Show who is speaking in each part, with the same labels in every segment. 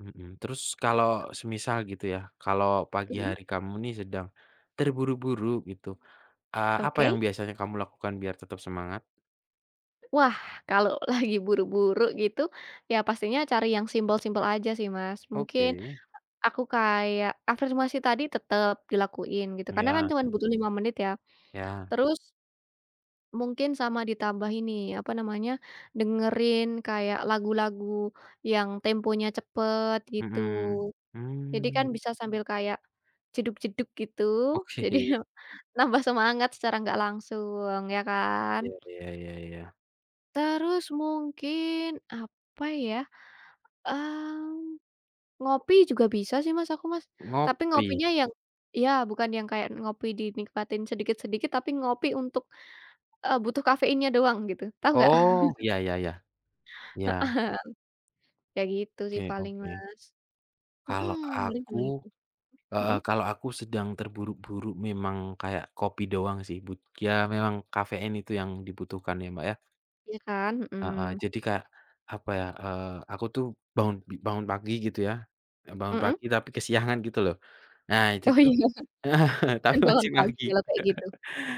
Speaker 1: Mhm, terus kalau semisal gitu ya, kalau pagi
Speaker 2: Mhm.
Speaker 1: hari kamu nih sedang terburu-buru gitu, eee, apa yang
Speaker 2: Oke.
Speaker 1: biasanya kamu lakukan biar tetap semangat?
Speaker 2: Wah, kalau lagi buru-buru gitu, ya pastinya cari yang simpel-simpel aja sih Mas, mungkin
Speaker 1: Oke.
Speaker 2: aku kayak afirmasi tadi tetep dilakuin gitu, karena kan
Speaker 1: Iya.
Speaker 2: cuman butuh 5 menit ya,
Speaker 1: Iya.
Speaker 2: terus mungkin sama ditambah ini, apa namanya, dengerin kayak lagu-lagu yang temponya cepet gitu,
Speaker 1: Mhm,
Speaker 2: jadi
Speaker 1: hmm.
Speaker 2: kan bisa sambil kayak jedug-jedug gitu jadi
Speaker 1: Oke.
Speaker 2: nambah semangat secara enggak langsung, ya kan?
Speaker 1: Iya iya iya iya.
Speaker 2: Terus mungkin apa ya, mmm, ngopi juga bisa sih Mas, aku Mas, tapi
Speaker 1: Ngopi.
Speaker 2: ngopinya yang iya bukan yang kayak ngopi dinikmatin sedikit-sedikit, tapi ngopi untuk eee, butuh kafeinnya doang gitu, tahu enggak?
Speaker 1: Oh iya, ya ya, iya.
Speaker 2: Heeh. Ya gitu sih
Speaker 1: Oke
Speaker 2: paling
Speaker 1: oke.
Speaker 2: Mas,
Speaker 1: Kalau
Speaker 2: mhm, paling cuma
Speaker 1: aku
Speaker 2: itu.
Speaker 1: heeh,
Speaker 2: Mhm?
Speaker 1: kalau aku sedang terburu-buru memang kayak kopi doang sih but ya memang kafein itu yang dibutuhkan ya Mbak ya?
Speaker 2: Iya kan?
Speaker 1: Heeh,
Speaker 2: Hmm.
Speaker 1: jadi kayak apa ya, eee, aku tuh bangun, b bangun pagi gitu ya, ya bangun
Speaker 2: Heeh.
Speaker 1: pagi tapi kesiangan gitu loh nah itu
Speaker 2: Oh,
Speaker 1: tuh
Speaker 2: iya.
Speaker 1: heeh, tapi
Speaker 2: Tergolong
Speaker 1: masih pagi
Speaker 2: pagilah kayak gitu,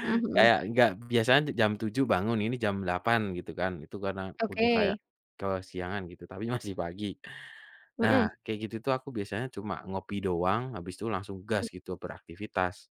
Speaker 2: mmm, mhm.
Speaker 1: kayak enggak biasanya jam 7.00 bangun, ini jam 8.00 gitu kan itu karena udah kayak
Speaker 2: Oke.
Speaker 1: kesiangan gitu, tapi masih pagi. Nah
Speaker 2: Mhm.
Speaker 1: kayak gitu tuh aku biasanya cuma ngopi doang habis itu langsung gas
Speaker 2: [unintelligible]
Speaker 1: gitu beraktivitas.